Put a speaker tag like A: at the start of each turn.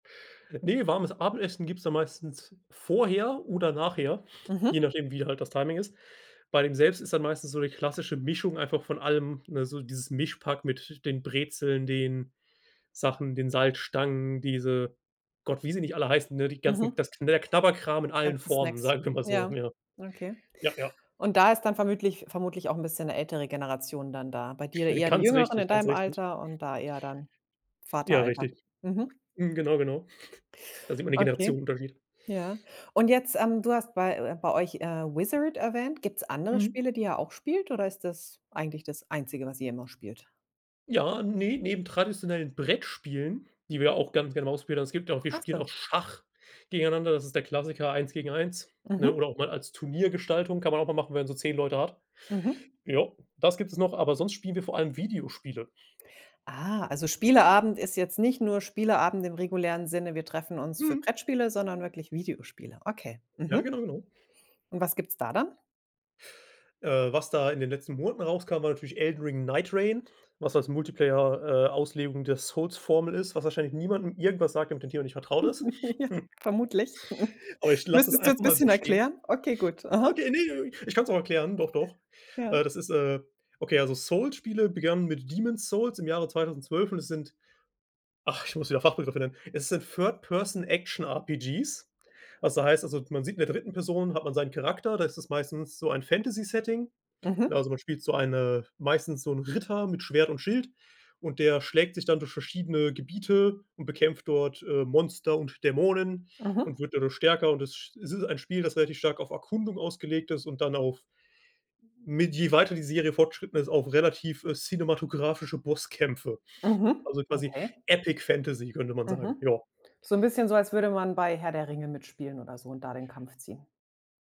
A: Ne, warmes Abendessen gibt's dann meistens vorher oder nachher, je
B: Mhm.
A: nachdem wie halt das Timing ist. Bei dem selbst ist dann meistens so die klassische Mischung einfach von allem, ne? So dieses Mischpack mit den Brezeln, den Sachen, den Salzstangen, diese Gott, wie sie nicht alle heißen, ne, die ganzen
B: Mhm.
A: das knä Knabberkram in
B: Die
A: allen
B: ganzen
A: Formen,
B: Snacks.
A: sagen wir mal so.
B: Ja,
A: Ja.
B: okay.
A: Ja, ja.
B: Und da ist dann vermütlich vermutlich auch 'n bisschen 'ne ältere Generation dann da. Bei dir eher die
A: Ganz
B: Jüngeren
A: richtig,
B: in
A: ganz
B: deinem
A: richtig.
B: Alter und da eher dann
A: Ja,
B: Vateralter.
A: richtig.
B: Mhm.
A: Mhm. Genau, genau. Da sieht man den
B: Okay.
A: Generationenunterschied.
B: Ja. Und jetzt, ähm, du hast bei äh, bei euch, äh, Wizzard erwähnt. Gibt's andere
A: Mhm.
B: Spiele, die ihr auch spielt oder ist das eigentlich das Einzige, was ihr immer spielt?
A: Ja, ne, neben traditionellen Brettspielen, die wir auch ganz gerne mal ausprobiert haben, es gibt auch wir
B: Ach
A: spielen
B: so.
A: auch Schach gegeneinander, das ist der Klassiker eins gegen eins, ne?
B: Mhm.
A: Oder auch mal als Turniergestaltung, kann man auch mal machen, wenn man so 10 Leute hat.
B: Mhm.
A: Ja, das gibt es noch, aber sonst spielen wir vor allem Videospiele.
B: Ah, also Spieleabend ist jetzt nicht nur Spieleabend im regulären Sinne. Wir treffen uns für
A: Mhm.
B: Brettspiele, sondern wirklich Videospiele. Okay,
A: Ja,
B: mhm.
A: genau, genau.
B: Und was gibt's da dann?
A: Äh, was da in den letzten Monaten rauskam, war natürlich Elden Ring Neightreign, was als Multiplayer äh, Auslegung der Souls Formel ist, was wahrscheinlich niemandem irgendwas sagt, der mit dem Thema nicht vertraut ist.
B: Ja, vermutlich.
A: Aber ich lasse es
B: Müsstest du
A: einfach
B: jetzt
A: mal so
B: bisschen
A: stehen.
B: erklären? Okay, gut. Aha.
A: Okay, ne, ich kann's auch erklären, doch, doch. Äh,
B: Ja.
A: das ist, äh okay, also Souls-Spiele begannen mit Demon's Souls im Jahre 2012 und es sind ach, ich muss wieder Fachbegriff nennen, es sind Third Person Action RPGs. Was da heißt also man sieht in der 3. Person hat man seinen Charakter, da ist es meistens so ein Fantasy Setting, ne?
B: Mhm.
A: Also, man spielt so eine meistens so 'n Ritter mit Schwert und Schild und der schlägt sich dann durch verschiedene Gebiete und bekämpft dort, äh, Monster und Dämonen
B: Mhm.
A: und wird dadurch stärker und es sch ist ein Spiel, das relativ stark auf Erkundung ausgelegt ist und dann auf mit je weiter die Serie fortgeschritten ist, auf relativ, äh, cinematografische Bosskämpfe.
B: Mhm.
A: Also quasi
B: Okay.
A: Epic-Fantasy könnte man sagen,
B: Mhm.
A: ja.
B: So 'n bisschen so, als würde man bei Herr der Ringe mitspielen oder so und da den Kampf ziehen.